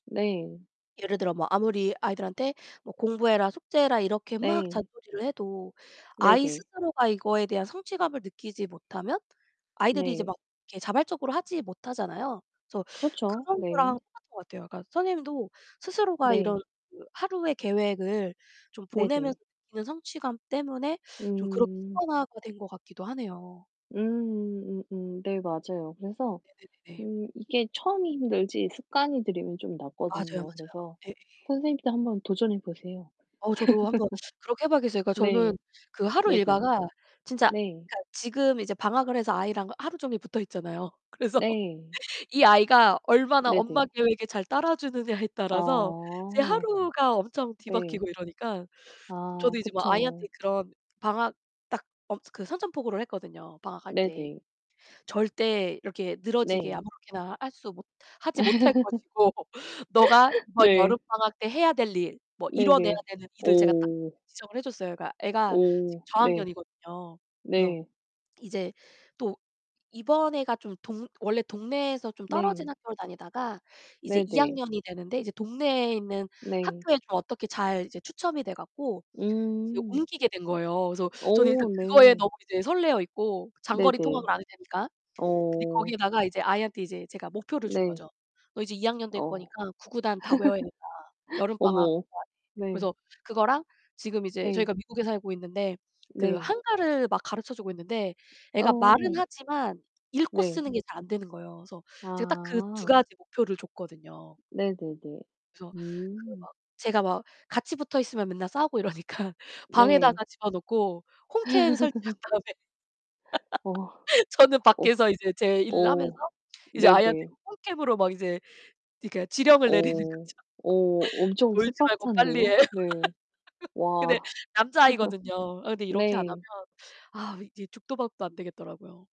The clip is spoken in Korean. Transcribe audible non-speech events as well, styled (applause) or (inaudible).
네. 예를 들어 뭐 아무리 아이들한테 뭐 공부해라, 숙제해라 이렇게 막 네. 잔소리를 해도 아이 네네. 스스로가 이거에 대한 성취감을 느끼지 못하면 아이들이 이제 네. 막 이렇게 자발적으로 하지 못하잖아요. 그래서 그렇죠. 그런 거랑 네. 똑같은 것 같아요. 그러니까 선생님도 스스로가 이런 네. 그 하루의 계획을 좀 보내면서 네네. 느끼는 성취감 때문에 좀 그렇게 음. 습관화가 된 것 같기도 하네요. 음음 음음 네, 맞아요. 그래서 네네네네. 음 이게 처음이 힘들지 습관이 들으면 좀 맞아요, 낫거든요. 맞아요. 그래서 예예예. 선생님도 한번 도전해 보세요. 어 저도 한번 그렇게 해 봐야겠어요. 그니까 (laughs) 네. 저는 그 하루 네네. 일과가 진짜 네. 그니까 지금 이제 방학을 해서 아이랑 하루 종일 붙어있잖아요. 그래서 네. 이 아이가 얼마나 엄마 네네. 계획에 잘 따라주느냐에 따라서 이제 아. 하루가 엄청 네. 뒤바뀌고 이러니까 아 저도 이제 뭐 아이한테 그쵸. 그런 방학 딱 어 그 선전포고를 했거든요 방학할 때. 네네. 절대 이렇게 늘어지게 네. 아무렇게나 할 수 못 하지 못할 것이고 너가 (laughs) 이번 네. 여름방학 때 해야 될 일, 뭐 이뤄내야 네네. 되는 일을 제가 딱 오. 지정을 해 줬어요. 그러니까 애가 지금 오 네. 저학년이거든요. 그래서 네. 이제 또 이번에가 좀 동 원래 동네에서 좀 떨어진 네. 학교를 다니다가 이제 2 네네. 학년이 되는데 이제 동네에 있는 네. 학교에 좀 어떻게 잘 이제 추첨이 돼 갖고 이제 음. 옮기게 된 거예요. 그래서 저는 일단 오 그거에 네. 너무 이제 설레어 있고 장거리 네네. 통학을 안 해도 되니까. 근데 오. 거기에다가 이제 아이한테 이제 제가 목표를 네. 준거죠. "너 이제 2 학년 될 어. 거니까 구구단 다 외워야 된다. (laughs) 여름방학 어머, 동안에." 네. 그래서 그거랑 지금 이제 예. 저희가 미국에 살고 있는데 그 네. 한글을 막 가르쳐 주고 있는데 애가 말은 어. 하지만 읽고 네. 쓰는 게 잘 안되는 거예요. 그래서 제가 딱 그 2 아. 가지 목표를 줬거든요. 네네네. 그래서 그 음. 막 제가 막 같이 붙어 있으면 맨날 싸우고 이러니까 네. 방에다가 집어넣고 홈캠 설치한 (laughs) 다음에 오와. (laughs) 저는 어후. 밖에서 이제 제 일을 하면서 오. 이제 아이한테 네네. 홈캠으로 막 이제 그러니까 지령을 내리는 거죠. 어. (laughs) 어 엄청 "놀지 말고 스파르타인데요. 빨리해." 네. (laughs) 근데 와. 남자아이거든요. 어 근데 (laughs) 이렇게 안 하면 네. 아 이제 죽도 밥도 안 되겠더라고요.